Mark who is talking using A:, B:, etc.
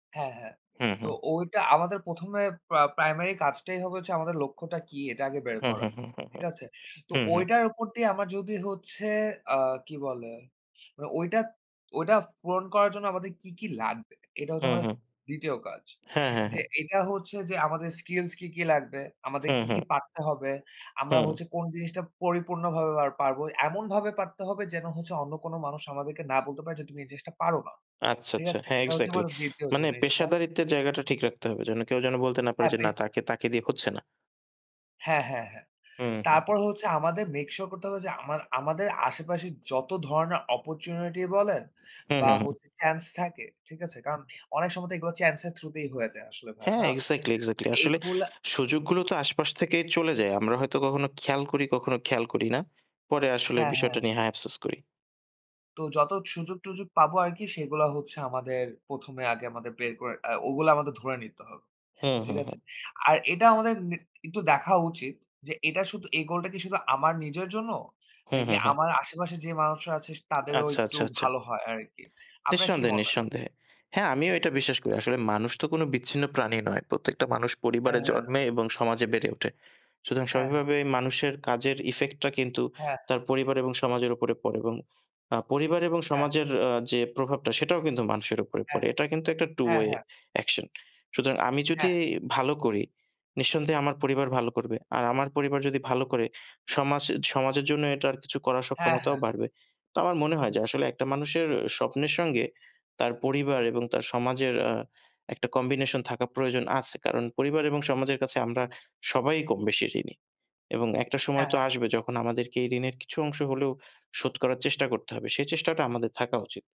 A: হ্যাঁ, হ্যাঁ।
B: হুম,
A: তো
B: হুম।
A: ওইটা আমাদের ১ম এ পা প্রাইমারি কাজটাই হবে হচ্ছে আমাদের লক্ষ্যটা কি? এটা আগে বের
B: হু,
A: করা।
B: হু, হু।
A: ঠিক আছে? তো
B: হু, হু।
A: ঐটার উপর দিয়ে আমার যদি হচ্ছে আ কি বলে? মানে ঐটা ঐটা পূরণ করার জন্য আমাদের কি, কি লাগবে? এটা হচ্ছে
B: হুম,
A: আমাদের স
B: হুম।
A: ২য় কাজ।
B: হ্যাঁ, হ্যাঁ,
A: যে
B: হ্যাঁ।
A: এটা হচ্ছে যে আমাদের স্কিলস কি, কি লাগবে,
B: হু,
A: আমাদের কি,
B: হু।
A: কি পারতে হবে। আমরা
B: হুম।
A: হচ্ছে কোন জিনিসটা পরিপূর্ণভাবে পারবো? এমনভাবে পারতে হবে যেন হচ্ছে অন্য কোনো মানুষ আমাদেরকে না বলতে পারে যে, "তুমি এই জিনিসটা পারো না।"
B: আচ্ছা,
A: ঠিক
B: আচ্ছা।
A: আছে?
B: হ্যাঁ,
A: এটা হচ্ছে
B: এক্সাক্টলি
A: আমাদের ২য়
B: মানে
A: জিনিসটা।
B: পেশাদারিত্বের জায়গাটা ঠিক রাখতে হবে। যেন কেউ যেন বলতে না পারে যে "না,
A: হ্যাপিস
B: তাকে তাকে দিয়ে হচ্ছে না।"
A: হ্যাঁ, হ্যাঁ, হ্যাঁ।
B: হুম, হু, হুম।
A: তারপর হচ্ছে আমাদের মেক সিওর করতে হবে যে আমা আমাদের আশেপাশে যত ধরণের অপরচুনিটি বলেন
B: হু,
A: বা
B: হু, হু।
A: হচ্ছে চান্স থাকে। ঠিক আছে? কারণ অনেক সময় তো এগুলো চ্যান্স এর থ্রু তেই হয়ে যায় আসলে ভাইয়া
B: হ্যাঁ,
A: না?
B: এক্সাক্টলি,
A: তো
B: এক্সাক্টলি। আসলে
A: এগুলা
B: সুযোগগুলো তো আশপাশ থেকেই চলে যায়। আমরা হয়তো কখনো খেয়াল করি, কখনো খেয়াল করি না। পরে আসলে
A: হ্যাঁ,
B: বিষয়টা
A: হ্যাঁ।
B: নিয়ে হ্যাঁ, আফসোস করি।
A: তো যত সুযোগ-টুযোগ পাবো আরকি সেগুলা হচ্ছে আমাদের ১ম এ আগে আমাদের বের করে আ ওগুলো আমাদের ধরে নিতে হবে।
B: হুম, হু,
A: ঠিক আছে?
B: হুম।
A: আর এটা আমাদের নে একটু দেখা উচিত যে এটা শুধু, এই গোলটা কি শুধু আমার নিজের জন্য
B: হু,
A: নাকি
B: হু, হু।
A: আমার আশেপাশে যে মানুষরা সে আছে তাদেরও
B: আচ্ছা,
A: একটু
B: আচ্ছা, আচ্ছা।
A: ভালো হয় আরকি? আপনার কি
B: নিঃসন্দেহে,
A: মনে হয়?
B: নিঃসন্দেহে। হ্যাঁ, আমিও এটা বিশ্বাস করি। আসলে মানুষ তো কোনো বিচ্ছিন্ন প্রাণী নয়। প্রত্যেকটা মানুষ
A: হ্যাঁ,
B: পরিবারে
A: হ্যাঁ।
B: জন্মে এবং সমাজে বেড়ে ওঠে। সুতরাং
A: হ্যাঁ, হ্যাঁ।
B: স্বাভাবিকভাবেই মানুষের কাজের ইফেক্টটা কিন্তু
A: হ্যাঁ, হ্যাঁ।
B: তার পরিবার এবং সমাজের উপরে পড়ে এবং আ পরিবার এবং
A: হ্যাঁ, হ্যাঁ।
B: সমাজের আ যে প্রভাবটা, সেটাও কিন্তু মানুষের উপরে
A: হ্যাঁ,
B: পড়ে।
A: হ্যাঁ,
B: এটা কিন্তু একটা 2
A: হ্যাঁ,
B: ওয়ে
A: হ্যাঁ।
B: অ্যাকশন। সুতরাং আমি যদি
A: হ্যাঁ।
B: ভালো করি, নিঃসন্দেহে আমার পরিবার ভালো করবে। আর আমার পরিবার যদি ভালো করে সমাজ সমাজের জন্য এটার কিছু করার
A: হ্যাঁ,
B: সক্ষমতাও
A: হ্যাঁ।
B: বাড়বে। তো আমার মনে হয় যে আসলে একটা মানুষের স্বপ্নের সঙ্গে তার পরিবার এবং তার সমাজের আ একটা কম্বিনেশন থাকা প্রয়োজন আছে। কারণ পরিবার এবং সমাজের কাছে আমরা সবাই কম-বেশি ঋণী এবং একটা সময়
A: হ্যাঁ,
B: তো
A: হ্যাঁ।
B: আসবে যখন আমাদেরকে এই ঋণের কিছু অংশ হলেও শোধ করার চেষ্টা করতে হবে। সে চেষ্টাটা আমাদের থাকা উচিত।